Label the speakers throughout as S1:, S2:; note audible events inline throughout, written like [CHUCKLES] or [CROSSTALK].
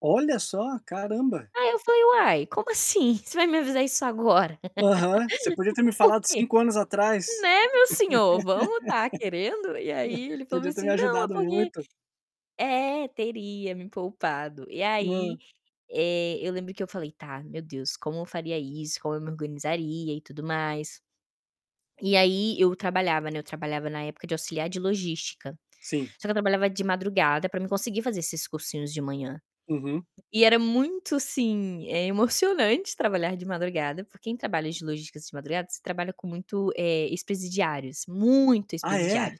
S1: Olha só, caramba.
S2: Aí eu falei: "Uai, como assim? Você vai me avisar isso agora?
S1: Aham, você podia ter
S2: [LAUGHS]
S1: me
S2: Por
S1: falado
S2: quê?".
S1: 5 anos atrás.
S2: Né, meu senhor, vamos estar querendo? E aí ele
S1: [LAUGHS]
S2: falou
S1: Podia ter me
S2: assim: "Não, é
S1: ajudado
S2: porque
S1: muito.
S2: é, teria me poupado", e
S1: Hã.
S2: aí, eh, eu lembro que eu falei: "Tá, meu Deus, como eu faria isso? Como eu me organizaria e tudo mais?". E aí eu trabalhava, né, eu trabalhava na época de auxiliar de logística.
S1: Sim.
S2: Só que eu trabalhava de madrugada para mim conseguir fazer esses cursinhos de manhã.
S1: Uhum.
S2: E era muito, assim, emocionante trabalhar de madrugada, porque quem trabalha de logística de madrugada, você trabalha com muito, eh, ex-presidiários, muito
S1: Ah
S2: ex-presidiários
S1: é?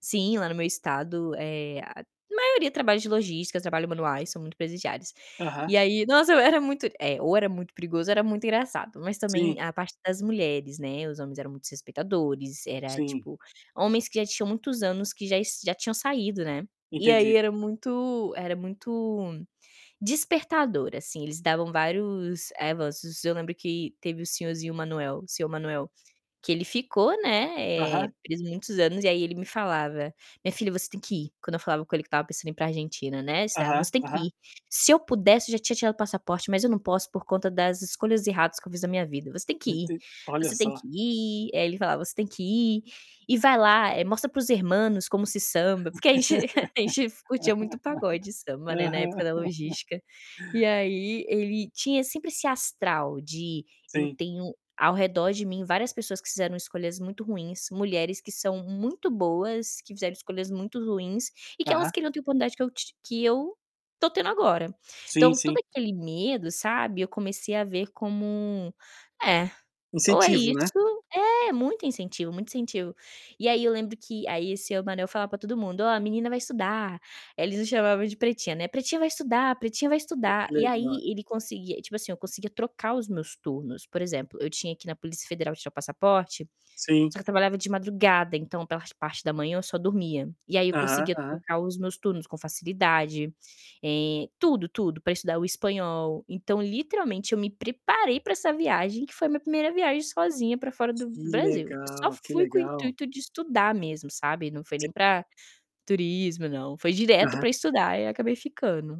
S2: sim, lá no meu estado, eh, a maioria trabalha de logística, trabalho manuais, são muito presidiários. E
S1: Aham.
S2: aí, nossa, era muito é, ou era muito perigoso, era muito engraçado, mas, também,
S1: Sim.
S2: a parte das mulheres, né, os homens eram muito respeitadores, era,
S1: Sim.
S2: tipo, homens que já tinham muitos anos que já já tinham saído, né, e aí
S1: Entendi.
S2: era muito era muito despertador, assim. Eles davam vários [UNINTELLIGIBLE] eu lembro que teve o senhorzinho Manuel, seu Manuel, que ele ficou, né,
S1: Aham.
S2: preso muitos anos e aí ele me falava: "Minha filha, você tem que ir", quando eu falava com ele que estava pensando ir para Argentina, né. [UNINTELLIGIBLE]
S1: Aham,
S2: "Você que
S1: aham.
S2: ir. Se eu pudesse, eu já tinha tirado o passaporte, mas eu não posso, por conta das escolhas erradas que eu fiz na minha vida. Você tem que ir,
S1: Enten olha
S2: você tem
S1: só.
S2: que ir". Aí ele falava: "Você tem que ir, e vai lá, mostra para os hermanos como se samba",
S1: [LAUGHS]
S2: porque a gente [CHUCKLES] a gente curtia muito pagode, samba, né, na
S1: Aham.
S2: época da
S1: [LAUGHS]
S2: logística. E aí ele tinha sempre esse astral de: "Eu
S1: Sim.
S2: tenho ao redor de mim várias pessoas que fizeram escolhas muito ruins, mulheres que são muito boas que fizeram escolhas muito ruins e que elas
S1: Aham.
S2: queriam ter a oportunidade que eu t que eu estou tendo agora".
S1: Sim
S2: Então, todo
S1: sim.
S2: aquele medo, sabe, eu comecei a ver como é, ou é
S1: Incentivo,
S2: isso
S1: né?
S2: é muito incentivo, muito incentivo. E aí eu lembro que, aí seu Manuel falava para todo mundo: "Ó, a menina vai estudar", eles o chamavam de pretinha, né. "Pretinha vai estudar, pretinha vai
S1: É que
S2: estudar". E
S1: legal.
S2: aí ele conseguia, tipo assim, eu conseguia trocar os meus turnos. Por exemplo, eu tinha que ir na Polícia Federal tirar passaporte,
S1: Sim.
S2: só que eu trabalhava de madrugada, então, pela parte da manhã eu só dormia. E aí eu
S1: Aham,
S2: conseguia
S1: aham.
S2: trocar os meus turnos com facilidade. Eh, tudo tudo para estudar o espanhol. Então, literalmente, eu me preparei para essa viagem, que foi minha 1º viagem sozinha para fora do
S1: Que
S2: do Brasil. Eu só
S1: legal, que
S2: fui com o
S1: legal.
S2: intuito de estudar mesmo, sabe, não foi
S1: Se
S2: nem para turismo não, foi direto
S1: Aham.
S2: para estudar e acabei ficando.